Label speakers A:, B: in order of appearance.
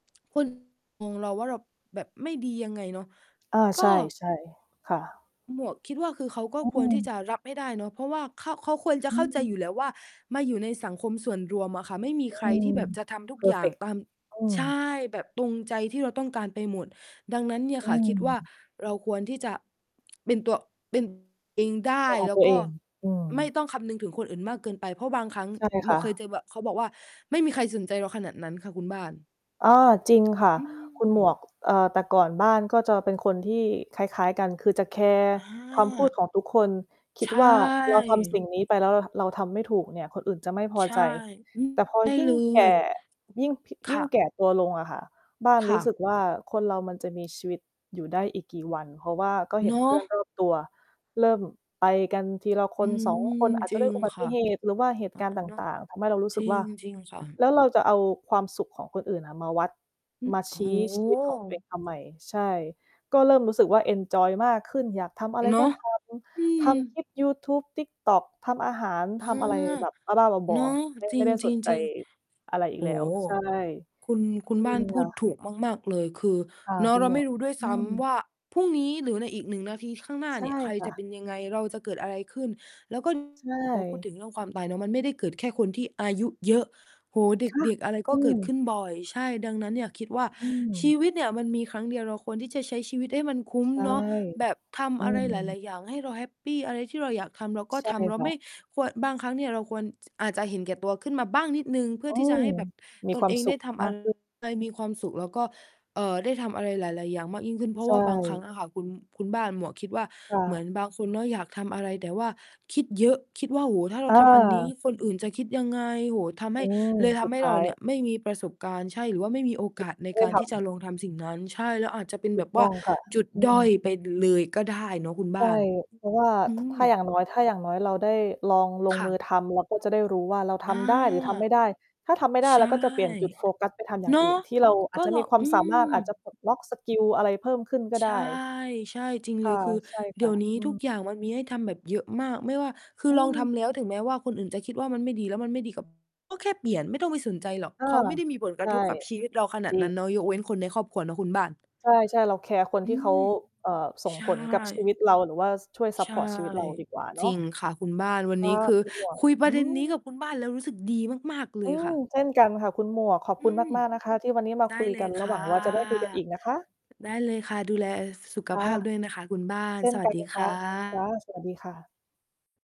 A: คน งง เราว่าเราแบบไม่ดียังไงเนาะ
B: อา
A: ก
B: ใ
A: ็
B: ช่ ๆ ค่ะ
A: หมวกคิดว่า คือเขาก็
B: อ
A: ค
B: ื
A: วรที่จ
B: ม
A: ะรับให้ได้เนาะ เพราะว่า ข เขาควรจะ
B: อื
A: เข้าใจ
B: ม
A: อยู่แล้วว่า มาอยู่ในสังคมส่วนรวมอะค่ะ ไม่มีใค
B: อ
A: ร
B: ื
A: ท
B: ม
A: ี่แบบจะทำทุ
B: เพ
A: ก
B: อ
A: อ
B: ร
A: ย
B: ์
A: ่
B: เฟ
A: าง
B: กต์
A: ตาม
B: อืม
A: ใช่ แบบตรงใจที่เราต้องการไปหมด ดังนั้นเนี่ย
B: อื
A: ค่ะ คิดว่า
B: ม
A: เราควรที่จะเป็นตัว เป็นตัว เองได้
B: ของ
A: แล้
B: ตั
A: ว
B: ว
A: ก
B: เอ
A: ็
B: ง อื
A: ไม่
B: ม
A: ต้องคำนึงถึงคนอื่นมากเกินไป เพราะบางครั้ง
B: ใช่
A: ห
B: ค
A: ม
B: ่
A: วกเคย
B: ะ
A: จะแบบ เขาบอกว่าไม่มีใครสนใจเราขนาดนั้นค่ะคุณบ้าน
B: อ้อ จริงค่ะ
A: อื
B: คุณหมว
A: ม
B: ก เอ่อ แต่ก่อนบ้านก็จะเป็นคนที่คล้าย ๆ กัน คือจะแคร์
A: อ
B: คำพูด
A: า
B: ของทุกคน คิ
A: ใ
B: ด
A: ช
B: ว่า เราทำสิ
A: ่
B: ่งนี้ไปแล้วเราทำไม่ถูกเนี่ย คนอื่นจะไม่พอ
A: ใช
B: ใ
A: ่
B: จ
A: อืม
B: แต่พอ
A: ใช่
B: ยิ่
A: เล
B: งแก
A: ย
B: ่ ยิ่ง
A: ค
B: ยิ
A: ่
B: ่
A: ะ
B: งแก่ตัวลงอะค่ะ บ้าน
A: ค
B: รู
A: ่
B: ้สึ
A: ะ
B: กว่า คนเรามันจะมีชีวิตอยู่ได้อีกกี่วัน เพราะว่าก็เห
A: เ
B: ็
A: น
B: น
A: า
B: เพื่อน
A: ะ
B: รอบตัวเริ่มไปกันทีละค
A: อื
B: น ส
A: ม
B: อง คน อาจจ
A: จ
B: ะ
A: ริ
B: ด้วย
A: ง
B: อุบั
A: ค
B: ต
A: ่
B: ิ
A: ะ
B: เหตุหรือว่าเหต
A: เอ
B: ุ
A: อ
B: การณ์ต
A: เนาะ
B: ่าง ๆ ทำให้เรารู้
A: จ
B: สึ
A: ร
B: ก
A: ิ
B: ว่
A: ง
B: า
A: จริงค่ะ
B: แล้วเราจะเอาความสุขของคนอื่นอะมาวัด
A: อื
B: ม
A: อ
B: า
A: โ
B: ช
A: อ้
B: ี้
A: โฮ
B: ชีวิตของตัวเองทำไม ใช่ ก็เริ่มรู้สึกว่าเอนจอยมากขึ้น อยากทำอะไร
A: เนา
B: ก็
A: ะ
B: ท
A: อื
B: ำ ทำค
A: ม
B: ลิปยูทูบ TikTok ทำอาหาร
A: เอ
B: ท
A: อ
B: ำอะไรแบบบ้า ๆ บ
A: เน
B: อ
A: าะ
B: ๆ ไม่
A: จ
B: ไ
A: ร
B: ม่ได้สนใจ
A: ิง ๆ
B: อะไรอ
A: ๆ
B: ี
A: โ
B: ก
A: อ
B: แ
A: ้
B: ล
A: โ
B: ้ว
A: ฮ
B: ใช่
A: คุณ คุณ
B: จริ
A: บ้า
B: ง
A: นพ
B: ค
A: ู
B: ่
A: ด
B: ะ
A: ถูกมาก ๆ เลย คือ
B: ค่ะ
A: เนา
B: ค
A: ะ
B: ุ
A: เ
B: ณ
A: รา
B: หม
A: ไ
B: ว
A: ม่
B: ก
A: รู้ด้วย
B: อื
A: ซ้
B: ม
A: ำว่า พรุ่งนี้หรือในอีก 1 นาทีข้างหน้า
B: ใช่
A: เนี่ย ใคร
B: ค่
A: จะเป
B: ะ
A: ็นยังไง เราจะเกิดอะไรขึ้น แล้วก็
B: ใช
A: พอพูด
B: ่
A: ถึงเรื่องความตายเนาะมันไม่ได้เกิดแค่คนที่อายุเยอะ โอ้โฮ
B: ค่ะ
A: เด็ก ๆ อะไร
B: อ
A: ก็
B: ื
A: เกิดข
B: ม
A: ึ้นบ่อย ใช่ ดังนั้นเนี่ยคิดว่า
B: อื
A: ชี
B: ม
A: วิตเนี่ยมันมีครั้งเดียวเราควรที่จะใช้ชีวิตให้มันคุ้ม
B: ใช่
A: เนาะ แบบท
B: อื
A: ำอะไรห
B: ม
A: ลาย ๆ อย่างให้เราแฮปปี อะไรที่เราอยากทำเราก็
B: ใช่
A: ทำ เรา
B: ค่
A: ไม
B: ะ
A: ่ ควร บางครั้งเนี่ยเราควรอาจจะเห็นแก่ตัวขึ้นมาบ้างนิดหนึ่ง เพื่
B: อ
A: อ
B: ื
A: ที่จะ
B: ม
A: ให้แบบ
B: มี
A: ต
B: ค
A: น
B: วา
A: เ
B: ม
A: อง
B: ส
A: ไ
B: ุ
A: ด้
B: ข
A: ทำ
B: ม
A: อ
B: า
A: ะ
B: ก
A: ไร
B: ขึ้น
A: ให้มีความสุขแล้วก็ เอ่อ ได้ทำอะไรหลาย ๆ อย่างมากยิ่งขึ้น เพร
B: ใ
A: า
B: ช
A: ะว่าบางครั้งอ
B: ่
A: ะค่ะ คุณ คุณบ้าน หมวกคิดว่า
B: ค่
A: เหมื
B: ะ
A: อนบางคนเนาะอยากทำอะไร แต่ว่าคิดเยอะ คิดว่า โอ้โฮ ถ้าเราทำอันนี้
B: เออ
A: คนอื่นจะคิดยังไง โอ้โฮ ทำให
B: อื
A: ้
B: ม
A: เลยท
B: สุด
A: ำให้
B: ท้
A: เร
B: า
A: า
B: ย
A: เนี่ยไม่มีประสบการณ์ ใช่ หรือว่าไม่มีโอกาสใน
B: ไม่ได
A: ก
B: ้
A: าร
B: ท
A: ที่จะ
B: ำ
A: ลองทำสิ่งนั้น ใช่ แล้วอาจจะเป็น
B: ถู
A: แบ
B: ก
A: บ
B: ต
A: ว
B: ้
A: ่า
B: องค่ะ
A: จุด
B: อื
A: ด้อย
B: ม
A: ไปเลยก็ได้เนาะคุณ
B: ใ
A: บ
B: ช่
A: ้าน
B: เพราะว่า
A: อื
B: ถ ถ้าอย
A: ม
B: ่าง น้อย ถ้าอย่างน้อยเราได้ลองลง
A: ค่
B: มื
A: ะ
B: อทำ เราก็จะได้รู้ว่าเราท
A: อา
B: ำได้หรือทำไม่ได้ ถ้าทำไม่ได้
A: ใช
B: เร
A: ่
B: าก็จะเปลี่ยนจุดโฟกัสไปทำอย่า
A: เน
B: ง
A: าะ
B: อื่น ที่เราอ
A: ก
B: า
A: ็
B: จจะ
A: เร
B: ม
A: า
B: ีควา
A: อ
B: ม
A: ื
B: สามา
A: ม
B: รถ อาจจะปลดล็อกสกิลอะไรเพิ่มขึ้นก็
A: ใช
B: ได
A: ่
B: ้
A: ใช่ จริง
B: ค
A: เล
B: ่ะ
A: ย คือ
B: ใช่
A: เ
B: ค
A: ดี๋
B: ่
A: ย
B: ะ
A: วนี้
B: อื
A: ทุกอย
B: ม
A: ่างมันมีให้ทำแบบเยอะมาก ไม่ว่า คื
B: อ
A: อ
B: ื
A: ลองท
B: ม
A: ำแล้วถึงแม้ว่าคนอื่นจะคิดว่ามันไม่ดีแล้วมันไม่ดีกับ ก็แค่เปลี่ยนไม่ต้องไปสนใจหรอก
B: เออ
A: เขาไม่ได้มีผล
B: ใ
A: ก
B: ช
A: ระ
B: ่
A: ทบกับชีวิตเราขน
B: จ
A: าด
B: ริ
A: นั้
B: ง
A: นเนาะ ยกเว้นคนในครอบครัวเนาะคุณบ้าน
B: ใช่ ๆ เราแคร์คน
A: อื
B: ที่เขา
A: ม
B: เอ่อ ส่ง
A: ใช่
B: ผลกับชีวิตเราหรือว่าช่วยซั
A: ใช
B: ปพ
A: ่
B: อร์ตชีวิต เราดีกว่าเนา
A: จร
B: ะ
A: ิงค่ะคุณบ้านวัน
B: ค่
A: น
B: ะ
A: ี้ คือ
B: คุณหมวก
A: คุยป
B: อ
A: ร
B: ื
A: ะเด็นนี้
B: ม
A: กับคุณบ้านแล้วรู้สึกดีมาก ๆ เล
B: อื
A: ยค
B: ม
A: ่ะ
B: เช่นกันค่ะคุณหมวก ขอบ
A: อ
B: ค
A: ื
B: ุณ
A: ม
B: มาก ๆ นะคะที่วันนี้มา
A: ได
B: ค
A: ้
B: ุย
A: เล
B: กั
A: ย
B: น แล้
A: ค
B: วห
A: ่
B: ว
A: ะ
B: ังว่าจะได้คุยกันอีกนะคะ
A: ได้เลยค่ะ ดูแลสุข
B: ค่
A: ภ
B: ะ
A: าพด้วยนะคะคุณบ้าน
B: เช่น
A: สว
B: ก
A: ั
B: ั
A: ส
B: น
A: ดี
B: ค
A: ค
B: ่
A: ่
B: ะ ค่ะ สวัสดี
A: ะ
B: ค่ะ